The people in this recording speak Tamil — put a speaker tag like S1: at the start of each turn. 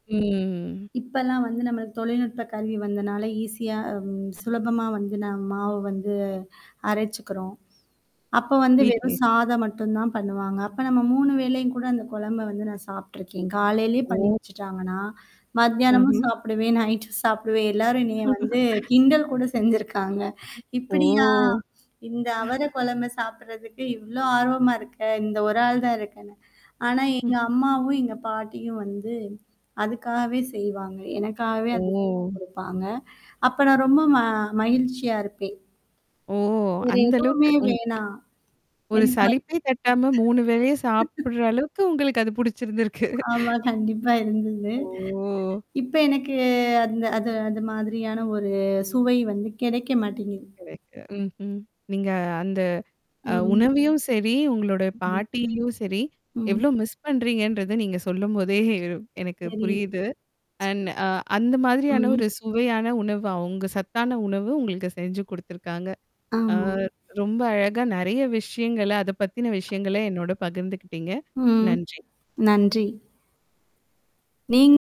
S1: ம்.
S2: இப்பல்லாம் வந்து நம்மளுக்கு தொழில்நுட்ப கருவி வந்தனால ஈஸியாம் சுலபமா வந்து ந மாவு வந்து அரைச்சுக்கறோம். அப்ப வந்து வெறும்
S1: வீட்லயே.
S2: சாதம் மட்டும் தான் பண்ணுவாங்க. அப்ப நம்ம 3 வேளையும் கூட அந்த குழம்ப வந்து நான் சாப்பட்டுருக்கேன். காலையிலேயே பண்ணி
S1: ஓ!
S2: வச்சுட்டாங்கன்னா, மதியானமும்
S1: அஹ்ம்.
S2: சாப்பிடுவேன், நைட்டும் சாப்பிடுவேன் எல்லாரும் எனைய வந்து கிண்டல் கூட செஞ்சிருக்காங்க. இப்படியா?
S1: ஓ!
S2: இந்த அவர குழம்ப சாப்படுறதுக்கு இவ்ளோ ஆர்வமா இருக்க. இந்த ஒரு ஆள் தான் இருக்கன்னு. ஆனா எங்க
S1: ம்.
S2: அம்மாவும், எங்க பாட்டியும் வந்து அதுக்காகவே செய்வாங்க. எனக்காகவே அது.
S1: ஓ!
S2: குடுப்பாங்க. அப்ப நான் ரொம்ப ம மகிழ்ச்சியா இருப்பேன்.
S1: ஓ!
S2: வேற
S1: அந்த அளவுக்கு
S2: எதுவுமே
S1: உங்
S2: வேணாம்?
S1: ஒரு சலிப்பே தட்டாம 3 வேளைய
S2: [unintelligible]
S1: சாப்படுற அளவுக்கு உங்களுக்கு அது புடிச்சிருந்திருக்கு.
S2: ஆமா. கண்டிப்பா இருந்தது.
S1: ஓ!
S2: இப்ப எனக்கு அந்த அது அந்த மாதிரியான ஒரு சுவை வந்து கிடைக்க மாட்டேங்குது.
S1: கரைக்ட்டு. ம்ஹ்ம். நீங்க அந்த அ
S2: ம்.
S1: உணவையும் சரி, உங்களுடைய
S2: ம்.
S1: பாட்டியும் சரி.
S2: ம்.
S1: எவ்ளோ மிஸ் பண்றீங்கன்றது நீங்க சொல்லும்போதே எனக்கு
S2: சரி.
S1: புரியுது. அண்ட் அ அந்த மாதிரியான
S2: ம்.
S1: ஒரு சுவையான உணவு. அவுங்க சத்தான உணவு உங்களுக்கு செஞ்சு குடுத்துருக்காங்க. ஆ
S2: ஆமா.
S1: ரொம்ப அழகா நெறைய விஷயங்கள-அத பத்தின விஷயங்கள என்னோட பகிர்ந்துக்கிட்டீங்க.
S2: ம்.
S1: நன்றி.
S2: நன்றி. நீங்க